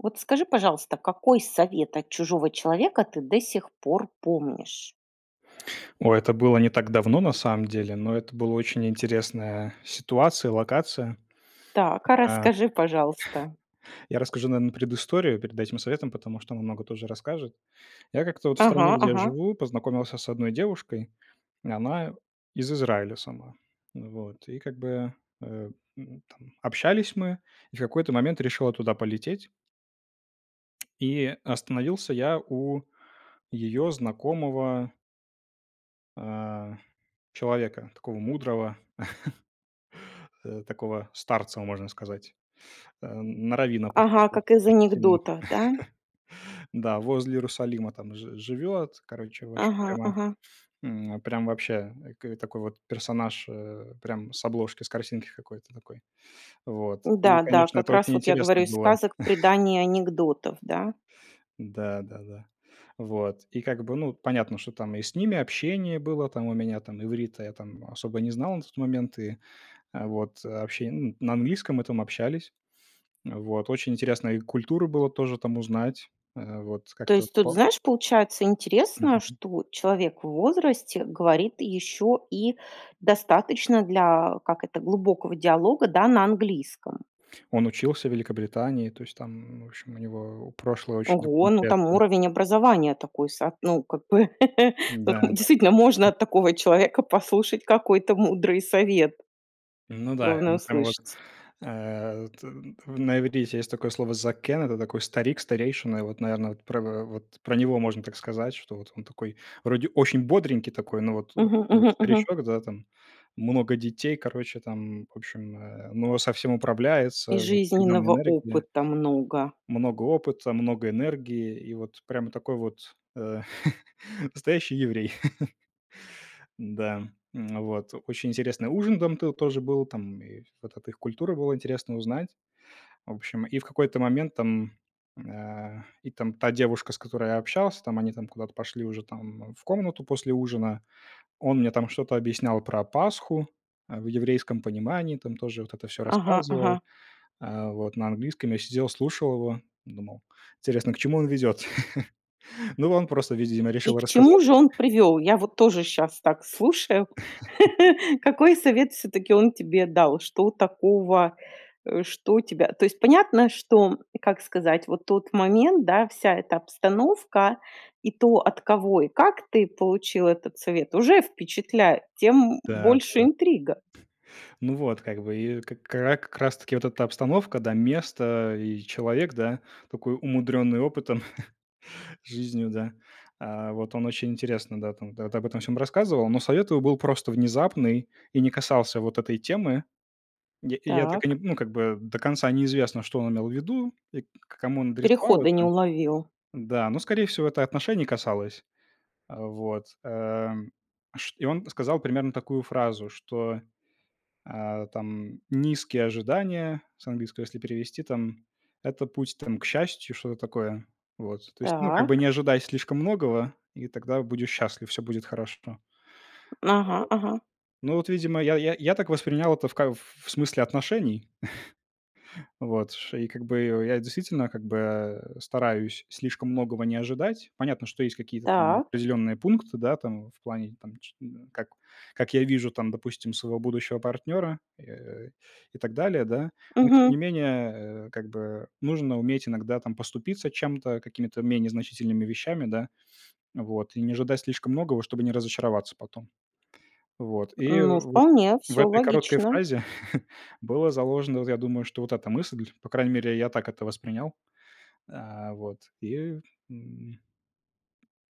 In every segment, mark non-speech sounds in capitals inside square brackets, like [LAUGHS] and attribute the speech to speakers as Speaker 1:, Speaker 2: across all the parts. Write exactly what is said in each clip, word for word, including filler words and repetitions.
Speaker 1: Вот скажи, пожалуйста, какой совет от чужого человека ты до сих пор помнишь?
Speaker 2: О, это было не так давно, на самом деле, но это было очень интересная ситуация, локация,
Speaker 1: Так, а
Speaker 2: а
Speaker 1: расскажи, пожалуйста.
Speaker 2: Я расскажу, наверно, предысторию перед этим советом, потому что она много тоже расскажет. Я как-то, вот, в стране,
Speaker 1: Ага,
Speaker 2: где я
Speaker 1: ага.
Speaker 2: живу, познакомился с одной девушкой. Она из Израиля сама. Вот, и как бы, э, м, там, общались мы, и в какой-то момент решил я туда полететь. И остановился я у её знакомого а, человека, такого мудрого, [CHUCKLES] э, такого старца, м можно сказать. Э, на раввина, похож
Speaker 1: Ага,
Speaker 2: был,
Speaker 1: как из
Speaker 2: очень сильно.
Speaker 1: анекдота, да?
Speaker 2: [CHUCKLES] Да, возле Иерусалима, там, ж живет, короче, в общем,
Speaker 1: Ага,
Speaker 2: прямо,
Speaker 1: ага.
Speaker 2: м, прям вообще, и к э, такой вот персонаж, э, прям с обложки, с картинки какой-то такой. Вот, и
Speaker 1: Да, да,
Speaker 2: конечно,
Speaker 1: как
Speaker 2: это
Speaker 1: раз
Speaker 2: очень
Speaker 1: вот я говорю
Speaker 2: интересно
Speaker 1: из
Speaker 2: было.
Speaker 1: сказок,
Speaker 2: [CHUCKLES]
Speaker 1: преданий и анекдотов, да?
Speaker 2: Да, да, да. Вот, и как бы, ну, понятно, что, там, и с ними общение было, там, у меня, там, иврита я, там, особо не знал на тот момент, и, э, вот, э, обще ну, на английском мы там общались. Вот, очень интересно их культуру было тоже, там, узнать, э, вот,
Speaker 1: То
Speaker 2: как-то
Speaker 1: есть, тут,
Speaker 2: по
Speaker 1: знаешь, получается интересно,
Speaker 2: Мгм.
Speaker 1: что человек в возрасте говорит ещё и достаточно для, как это, глубокого диалога, да, на английском.
Speaker 2: Он учился в Великобритании, то есть, там, ну, в общем, у него прошлое очень такое
Speaker 1: Ого, ну, там
Speaker 2: интересное.
Speaker 1: уровень образования такой са ну, как бы, [LAUGHS] вот,
Speaker 2: Да, да.
Speaker 1: действительно, можно от такого человека послушать какой-то мудрый совет,
Speaker 2: Ну да, и
Speaker 1: главное
Speaker 2: он прямо вот,
Speaker 1: услышать.
Speaker 2: э, т т на иврите есть такое слово закэн Это такой старик, старейшина. И вот, наверное, вот про в в вот про него можно так сказать, что, вот, он такой, вроде, очень бодренький такой, но вот, о
Speaker 1: Мгм,
Speaker 2: а, я,
Speaker 1: мгм, мгм.
Speaker 2: старичок, да, там, много детей, короче там, в общем, э, но со всем
Speaker 1: И
Speaker 2: управляется, вот всегда на
Speaker 1: жизненного
Speaker 2: энергии
Speaker 1: опыта много.
Speaker 2: много опыта, много энергии, и вот прямо такой вот, э, [CHUCKLES] настоящий еврей. [LAUGHS] Н-да, вот. Очень интересный ужин дам ты тоже был, там, и вот эта их культура было интересно узнать. В общем, и в какой-то момент, там, а, и там та девушка, с которой я общался, там, они, там, куда-то пошли уже, там, в комнату после ужина. Он мне, там, что-то объяснял про Пасху, а, в еврейском понимании, там, тоже вот это всё
Speaker 1: Ага,
Speaker 2: рассказывал.
Speaker 1: ага.
Speaker 2: А, вот, на английском я сидел слушал его, думал, интересно, к чему он ведёт? [LAUGHS] Ну, он просто, видимо,
Speaker 1: И
Speaker 2: решил
Speaker 1: к чему
Speaker 2: рассказать.
Speaker 1: же он привёл? Я вот тоже щас так слушаю. [CHUCKLES] Какой
Speaker 2: [CHUCKLES]
Speaker 1: совет всё-таки он тебе дал, что такого, э, что тебя, то есть, понятно, что и, как сказать, вот тот момент, да, вся эта обстановка и то, от кого и как ты получил этот совет, уже впечатляет, тем
Speaker 2: Да,
Speaker 1: больше
Speaker 2: да.
Speaker 1: интрига.
Speaker 2: Ну вот, как бы, и к к а как раз таки вот эта обстановка, да, место, и человек, да, такой умудренный опытом, [CHUCKLES] жизнью, да. А, вот он очень интересно, да, там, да, эт об этом всём рассказывал, но совет его был просто внезапный и не касался вот этой темы. Я и я так и не,
Speaker 1: Так.
Speaker 2: ну, как бы, до конца неизвестно, что он имел в виду, и к к кому он адресовал
Speaker 1: Переходы не
Speaker 2: это.
Speaker 1: уловил.
Speaker 2: Да, но, скорей всего, это отношений касалось. А, вот, э, шт и он сказал примерно такую фразу, что, э, там, низкие ожидания, с английского если перевести, там, это путь, там, к счастью, что-то такое. Вот, то есть, ну, как бы не
Speaker 1: Так.
Speaker 2: ожидай слишком многого, и тогда будешь счастлив. Всё будет хорошо. Ну вот
Speaker 1: Ага, ага.
Speaker 2: ну вот, видимо, я я я так воспринял это в ко в смысле отношений. [CHUCKLES] Вот, что и как бы я, действительно, как бы, а, э, стараюсь слишком многого не ожидать. Понятно, что есть какие-то там
Speaker 1: Так.
Speaker 2: определенные пункты, да, там, в плане, там, ч м, как как я вижу, там, допустим, своего будущего партнера, э, и так далее, да. Но тем
Speaker 1: Мгм.
Speaker 2: не менее, э, как бы нужно уметь иногда, там, поступиться чем-то, какими-то менее значительными вещами, да. Вот и не ожидать слишком многого, чтобы не разочароваться потом. Вот, и,
Speaker 1: Ну,
Speaker 2: вот,
Speaker 1: вполне
Speaker 2: в
Speaker 1: всё
Speaker 2: этой короткой
Speaker 1: логично.
Speaker 2: фразе [CHUCKLES] было заложено, вот я думаю, что вот эта мысль. По крайней мере, я так это воспринял. А, вот, и, м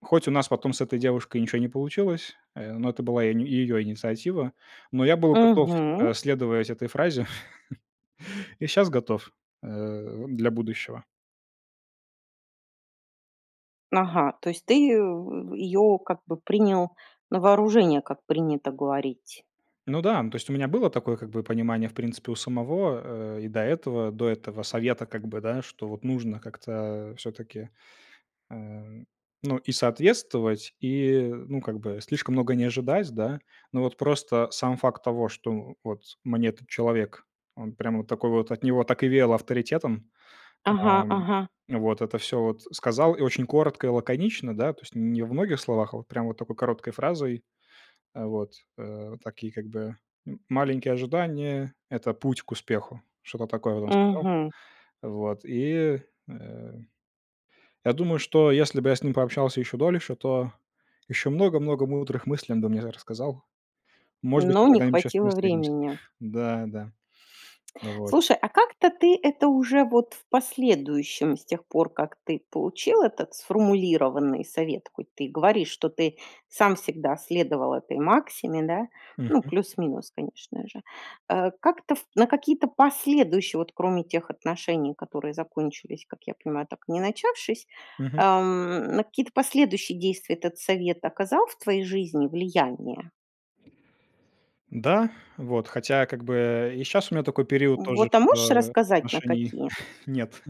Speaker 2: хоть у нас потом с этой девушкой ничё не получилось, э, но это была и её инициатива, но я был готов,
Speaker 1: Мгм.
Speaker 2: э, следовать этой фразе [CHUCKLES] и щас готов, э, для будущего.
Speaker 1: Ага, то есть, ты, э, её, как бы, принял на вооружение, как принято говорить.
Speaker 2: Ну да, ну, то есть, у меня было такое, как бы, понимание, в принципе, у самого, э, и до этого до этого совета. Как бы, да, что, вот, нужно как-то всё-таки, а, ну, и соответствовать, и ну, как бы, слишком много не ожидать, да. Но, вот, просто сам факт того, что, у вот, мне этот человек, он, прям, вот такой вот, от него так и веяло авторитетом, а,
Speaker 1: Ага, ага.
Speaker 2: вот это всё, вот, сказал и очень коротко и лаконично, да, то есть, не во многих словах, а вот прямо вот такой короткой фразой. А, вот, э, такие, как бы, м маленькие ожидания- это путь к успеху. Что-то такое, вот, он сказал.
Speaker 1: Мгм.
Speaker 2: Вот, и, э, я думаю, что если бы я с ним пообщался ещё дольше, то ещё много-много мудрых мыслей он бы мне р рассказал. Может быть,
Speaker 1: Но
Speaker 2: мы
Speaker 1: не
Speaker 2: когда-нибудь ещё с ним
Speaker 1: хватило
Speaker 2: встретимся.
Speaker 1: времени.
Speaker 2: Да, да, [TSK] вот.
Speaker 1: Слушай, а как-то ты это уже, вот, в последующем, с тех пор как ты получил этот сформулированный совет, хоть ты и говоришь, что ты сам всегда следовал этой максиме, да, ну,
Speaker 2: Мгм.
Speaker 1: плюс-минус, конечно же. Э, как-то ф на какие-то последующие, вот, кроме тех отношений, которые закончились, как я понимаю, так и не начавшись,
Speaker 2: Мгм.
Speaker 1: ам, на какие-то последующие действия этот совет оказал в твоей жизни влияние?
Speaker 2: Да, вот, хотя я как бы, э, и щас у меня такой период тоже,
Speaker 1: Вот, а можешь
Speaker 2: что, э,
Speaker 1: рассказать, на
Speaker 2: отношений
Speaker 1: какие?
Speaker 2: [CHUCKLES] нет.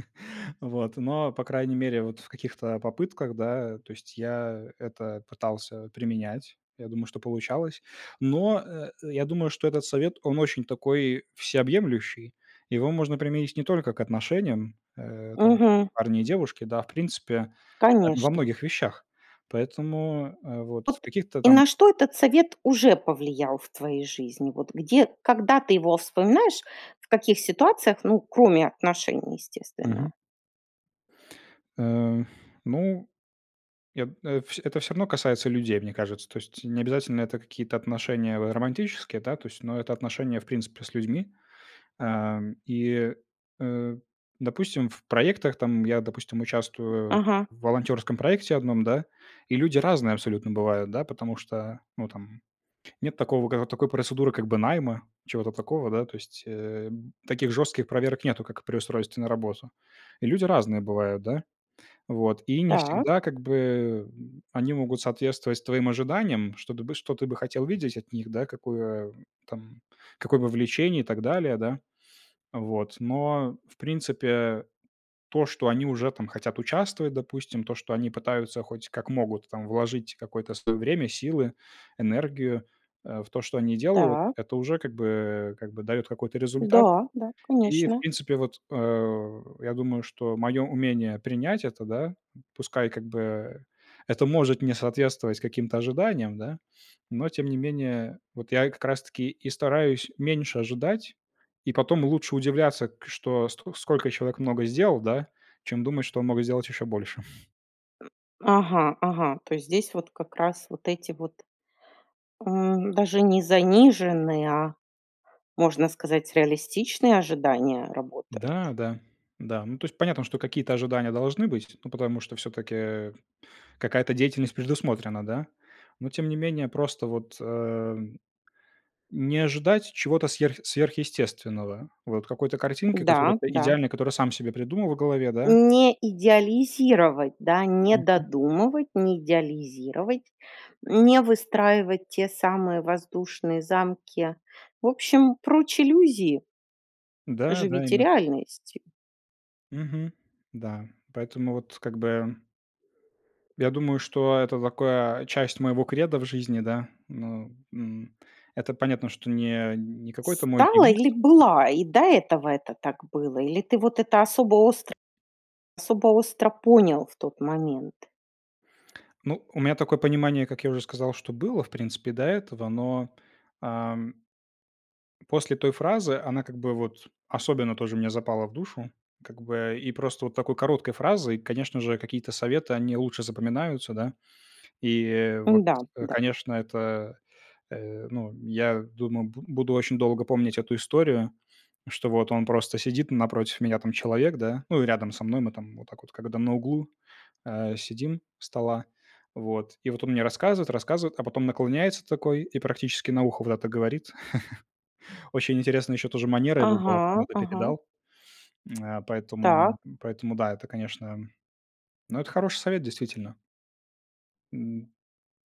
Speaker 2: Вот, но, по крайней мере, вот в каких-то, а, попытках, да, то есть я это пытался применять. Я думаю, что получалось. Но, э, э, я думаю, что этот совет, он очень такой всеобъемлющий. Его можно применить не только к отношениям, э, там
Speaker 1: Мгм.
Speaker 2: парня и девушки, да, а в принципе, э, во
Speaker 1: Конечно.
Speaker 2: многих вещах. Поэтому, э, вот в
Speaker 1: Вот.
Speaker 2: каких-то
Speaker 1: И
Speaker 2: там
Speaker 1: на что этот совет уже повлиял в твоей жизни? Вот где, когда ты его вспоминаешь? В каких ситуациях, ну, кроме отношений, естественно?
Speaker 2: Мгм. Э, ну я, э, вс это всё равно касается людей, мне кажется. То есть не обязательно это какие-то отношения в, э, романтические, да, то есть, но это отношения, в принципе, с людьми. Ам, и, э, э, допустим, в проектах, там я, допустим, участвую
Speaker 1: Ага.
Speaker 2: в волонтерском проекте одном, да, и люди разные абсолютно бывают, да, потому что, ну там, нет такого, ка такой процедуры как бы найма, чего-то такого, да, то есть, э, б таких жестких проверок нету, как при устройстве на работу. И люди разные бывают, да. Вот. И не
Speaker 1: Так.
Speaker 2: всегда, как бы, э, м, они могут соответствовать твоим ожиданиям, чтобы ты, что ты бы хотел видеть от них, да, какое, м, там какое бы вовлечение и так далее, да. Вот. Но в принципе, э, то, что они уже там хотят участвовать, допустим, то, что они пытаются, хоть как могут, там вложить какое-то свое время, силы, энергию, э, в то, что они делают,
Speaker 1: Так.
Speaker 2: это уже как бы, э, как бы дает какой-то результат.
Speaker 1: Да, да,
Speaker 2: И, в
Speaker 1: конечно.
Speaker 2: принципе, вот, э, я думаю, что мое умение принять это, да, пускай как бы, э, это может не соответствовать каким-то ожиданиям, да. Но тем не менее, вот я и как раз-таки и стараюсь меньше ожидать, и потом лучше удивляться, к что ст сколько человек много сделал, да, чем думать, что он мог сделать еще больше. [CHUCKLES]
Speaker 1: Ага, ага, то есть здесь вот как раз вот эти вот, э, даже не заниженные, а, можно сказать, реалистичные ожидания работают.
Speaker 2: Да, да. Да. Ну, то есть, понятно, что какие-то ожидания должны быть, ну, потому что всё-таки, э, какая-то деятельность предусмотрена, да. Но тем не менее, просто вот, э, не ожидать чего-то сверх сверхъестественного. Вот, какой-то картинки, которая
Speaker 1: Да,
Speaker 2: п
Speaker 1: да.
Speaker 2: идеальна, которую сам себе придумал в голове, да?
Speaker 1: Не идеализировать, да, не
Speaker 2: Мгм.
Speaker 1: додумывать, не идеализировать, не выстраивать те самые воздушные замки. В общем, прочь иллюзии!
Speaker 2: Да да,
Speaker 1: Живите
Speaker 2: именно так.
Speaker 1: реальностью.
Speaker 2: Мгм, да. Поэтому вот, как бы Я думаю, что это такая часть моего кредо в жизни, да. Ну, м, это понятно, что не не какой-то мой
Speaker 1: Стала или
Speaker 2: девиз.
Speaker 1: была? И до этого это так было? Или ты вот это особо остро особо остро понял в тот момент?
Speaker 2: Ну, у меня такое понимание, как я уже сказал, что было, в принципе, до этого, но, ам после той фразы она как бы, вот, особенно тоже мне запала в душу. Как бы и просто вот такой короткой фразой, конечно же, какие-то советы, они лучше запоминаются, да. И, вот,
Speaker 1: Да,
Speaker 2: э,
Speaker 1: да.
Speaker 2: конечно, это, э, ну, я думаю, буд буду очень долго помнить эту историю, что вот он просто сидит, напротив меня там человек, да. Ну, и рядом со мной мы там вот так вот, когда на углу, а, сидим у стола. Вот. И вот он мне рассказывает, рассказывает, а потом наклоняется такой и практически на ухо вот это говорит. [CHUCKLES] Очень интересна еще тоже манера его была, как он
Speaker 1: Ага,
Speaker 2: это
Speaker 1: ага.
Speaker 2: передал. Э, [CLICKS TONGUE] поэтому
Speaker 1: Так.
Speaker 2: поэтому, да, это, конечно. Ну, это хороший совет, действительно. М,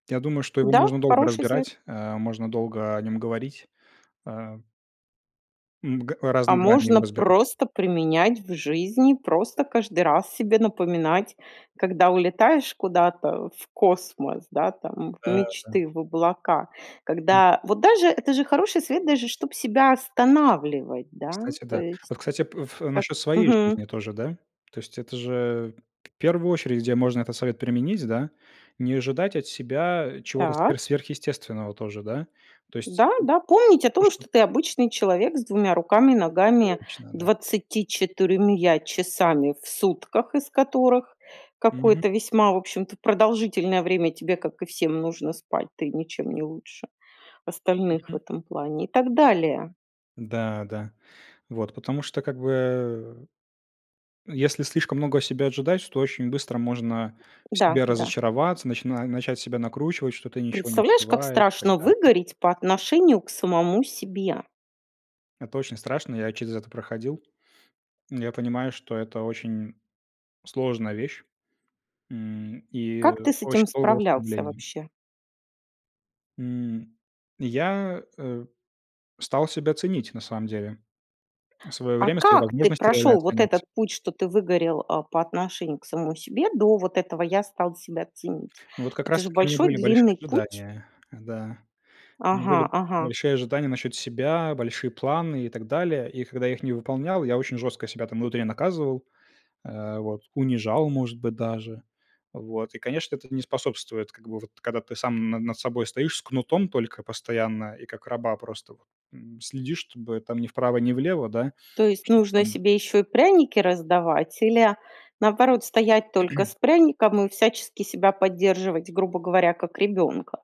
Speaker 2: я думаю, что его
Speaker 1: Да,
Speaker 2: можно долго
Speaker 1: хороший совет.
Speaker 2: разбирать, а. Можно долго о нем говорить, а. М, г
Speaker 1: А
Speaker 2: разные грани
Speaker 1: можно
Speaker 2: его разбирать.
Speaker 1: просто применять в жизни, просто каждый раз себе напоминать, когда улетаешь куда-то в космос, да, там, в
Speaker 2: Э, да.
Speaker 1: мечты, в облака, когда вот даже это же хороший совет, даже чтоб себя останавливать, да,
Speaker 2: Кстати,
Speaker 1: то
Speaker 2: да.
Speaker 1: есть,
Speaker 2: Вот, кстати, п в
Speaker 1: как
Speaker 2: насчет своей
Speaker 1: Мгм.
Speaker 2: жизни тоже, да? То есть, это же, э, в первую очередь, где можно этот совет применить, да, не ожидать от себя, а, чего-то
Speaker 1: Так.
Speaker 2: сверх сверхъестественного тоже, да? То есть,
Speaker 1: Да,
Speaker 2: э,
Speaker 1: да, помнить о
Speaker 2: потому
Speaker 1: том,
Speaker 2: что
Speaker 1: что ты обычный человек с двумя руками, ногами,
Speaker 2: Точно, да.
Speaker 1: двадцатью четырьмя часами в сутках, из которых
Speaker 2: Мгм.
Speaker 1: какое-то весьма, в общем-то, продолжительное время тебе, как и всем, нужно спать, ты ничем не лучше остальных в
Speaker 2: Мгм.
Speaker 1: этом плане и так далее.
Speaker 2: Да, да. Вот, потому что, как бы, э. Если слишком много от себя ожидать, то очень быстро можно в
Speaker 1: Да,
Speaker 2: себе
Speaker 1: да.
Speaker 2: разочароваться, начин начать себя накручивать, что ты ничего не
Speaker 1: Представляешь, как
Speaker 2: успеваешь и так
Speaker 1: страшно
Speaker 2: далее.
Speaker 1: выгореть по отношению к самому себе?
Speaker 2: Это очень страшно, я через это проходил. Я понимаю, что это очень сложная вещь, м, и
Speaker 1: Как ты с
Speaker 2: очень
Speaker 1: этим
Speaker 2: долгое
Speaker 1: справлялся
Speaker 2: ослабление.
Speaker 1: вообще?
Speaker 2: М, я, э, стал себя ценить, на самом деле, свое
Speaker 1: А
Speaker 2: время, свои
Speaker 1: как ты
Speaker 2: возможности реально
Speaker 1: прошел вот
Speaker 2: оценивать.
Speaker 1: этот путь, что ты выгорел, а, по отношению к самому себе до вот этого "я стал себя ценить"?
Speaker 2: Ну, вот как
Speaker 1: Это же
Speaker 2: раз-таки у меня
Speaker 1: большой
Speaker 2: были большие
Speaker 1: длинный путь.
Speaker 2: ожидания, да. У меня
Speaker 1: Ага,
Speaker 2: были
Speaker 1: ага.
Speaker 2: большие ожидания насчет себя, большие планы и так далее. И когда я их не выполнял, я очень жестко себя там внутри наказывал, а, вот, унижал, может быть, даже. Вот и, конечно, это не способствует, как бы вот когда ты сам на над собой стоишь с кнутом только постоянно, и как раба просто вот, м, следишь, чтобы там ни вправо, ни влево, да.
Speaker 1: То есть
Speaker 2: Чтоб
Speaker 1: нужно
Speaker 2: там
Speaker 1: себе еще и пряники раздавать или, наоборот, стоять только
Speaker 2: [CLEARS THROAT]
Speaker 1: с пряником и всячески себя поддерживать, грубо говоря, как ребенка?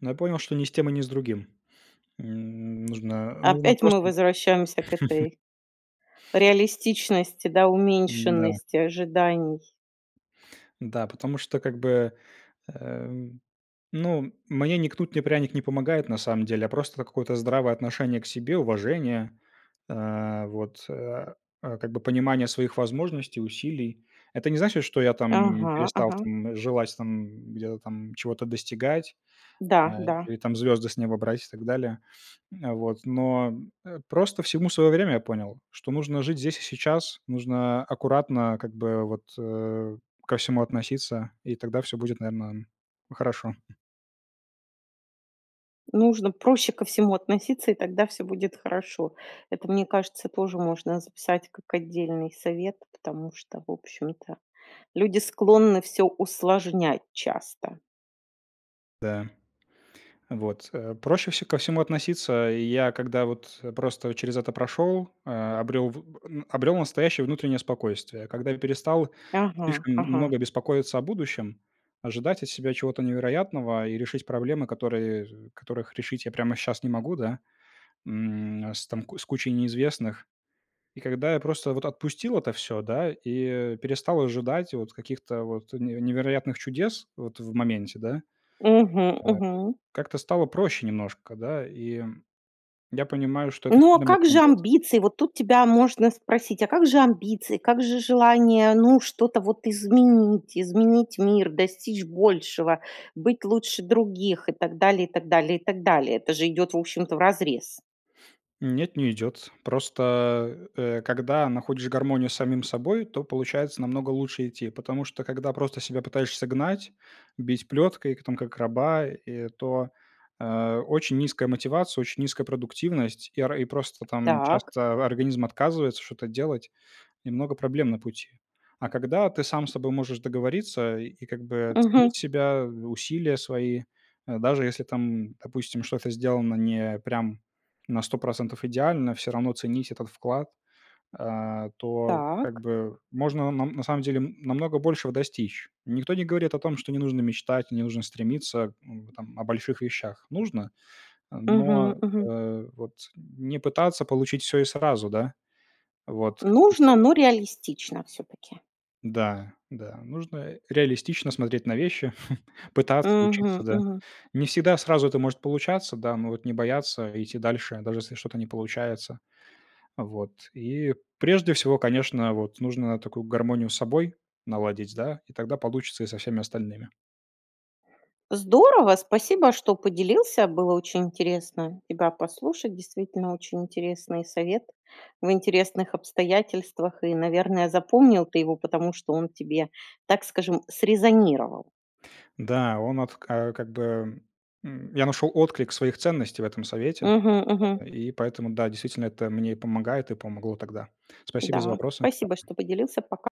Speaker 2: Но я понял, что ни с тем и ни с другим. М, нужно нужно
Speaker 1: Опять мы
Speaker 2: просто быть
Speaker 1: возвращаемся к этой
Speaker 2: [CHUCKLES]
Speaker 1: реалистичности, да
Speaker 2: Н-да.
Speaker 1: уменьшенности ожиданий.
Speaker 2: Да, потому что как бы, э, ну, мне ни кнут, ни пряник не помогает, на самом деле. А просто это какое-то здравое отношение к себе, уважение, а, вот, а, а, как бы понимание своих возможностей, усилий. Это не значит, что я там, м,
Speaker 1: Ага,
Speaker 2: перестал
Speaker 1: ага.
Speaker 2: там, м, желать там, м, где-то там чего-то достигать,
Speaker 1: Да,
Speaker 2: а,
Speaker 1: да.
Speaker 2: или там звезды с неба брать и так далее. М, вот. Но, э, просто всему свое время, я понял, что нужно жить здесь и сейчас. Нужно аккуратно как бы вот, э, ко всему относиться, и тогда всё будет, наверно, хорошо.
Speaker 1: Нужно проще ко всему относиться, и тогда всё будет хорошо. Это, мне кажется, тоже можно записать как отдельный совет, потому что, в общем-то, люди склонны всё усложнять часто.
Speaker 2: Да. Вот. Э, проще вс ко всему относиться. И я, когда вот, э, просто через это прошел, а, обрел в н э, обрел настоящее внутреннее спокойствие, когда я перестал
Speaker 1: Ага,
Speaker 2: слишком м
Speaker 1: ага.
Speaker 2: много беспокоиться о будущем, ожидать от себя чего-то невероятного и решить проблемы, которые, э, з которых решить я прямо щас не могу, да, м. С там ку кучей неизвестных. И когда я просто вот отпустил это всё, да, и, э, перестал ожидать вот каких-то вот неве невероятных чудес вот в моменте, да,
Speaker 1: Мгм,
Speaker 2: а,
Speaker 1: мгм.
Speaker 2: как-то стало проще немножко, да, и я понимаю, что это
Speaker 1: Ну, а
Speaker 2: сильно мне
Speaker 1: как же
Speaker 2: помогает.
Speaker 1: амбиции? Вот тут тебя можно спросить: "А как же амбиции?" Как же желание, ну, что-то вот изменить изменить мир, достичь большего, быть лучше других и так далее и так далее и так далее. Это же идет, в общем-то, вразрез.
Speaker 2: Нет, не идет. Просто, э, когда находишь гармонию с самим собой, то получается намного лучше идти, потому что когда просто себя пытаешься гнать, бить плеткой, к там как раба, э, то, а, очень низкая мотивация, очень низкая продуктивность. И ра и просто там
Speaker 1: Так.
Speaker 2: часто организм отказывается что-то делать и много проблем на пути. А когда ты сам с собой можешь договориться и как бы
Speaker 1: Мгм.
Speaker 2: ценить себя, усилия свои, а, даже если там, допустим, что-то сделано не прям на сто процентов идеально, всё равно ценить этот вклад, а, то как
Speaker 1: Так.
Speaker 2: бы можно нам на самом деле, м, намного большего достичь. Никто не говорит о том, что не нужно мечтать, не нужно стремиться, м, там о больших вещах. Нужно. А, но,
Speaker 1: Мгм, мгм.
Speaker 2: э, вот не пытаться получить всё и сразу. Да? Вот. С каким-то
Speaker 1: Нужно,
Speaker 2: вот.
Speaker 1: но реалистично всё-таки.
Speaker 2: Да, да. Нужно, э, реалистично смотреть на вещи, [CHUCKLES] пытаться
Speaker 1: Мгм,
Speaker 2: учиться. Да.
Speaker 1: мгм.
Speaker 2: Не всегда сразу это может получаться, да, но вот не бояться идти дальше, даже если что-то не получается. Вот. И прежде всего, конечно, вот нужно такую гармонию с собой наладить, да, и тогда получится и со всеми остальными.
Speaker 1: Здорово, спасибо, что поделился, было очень интересно тебя послушать, действительно очень интересный совет в интересных обстоятельствах и, наверное, запомнил ты его, потому что он тебе, так скажем, срезонировал.
Speaker 2: Да, он вот ка как бы, м, я нашел отклик своих ценностей в этом совете.
Speaker 1: Мгм, мгм.
Speaker 2: И поэтому, да, действительно, это мне и помогает, и помогло тогда. Спасибо за
Speaker 1: Да.
Speaker 2: вопросы.
Speaker 1: Спасибо,
Speaker 2: Пока.
Speaker 1: что поделился. Пока.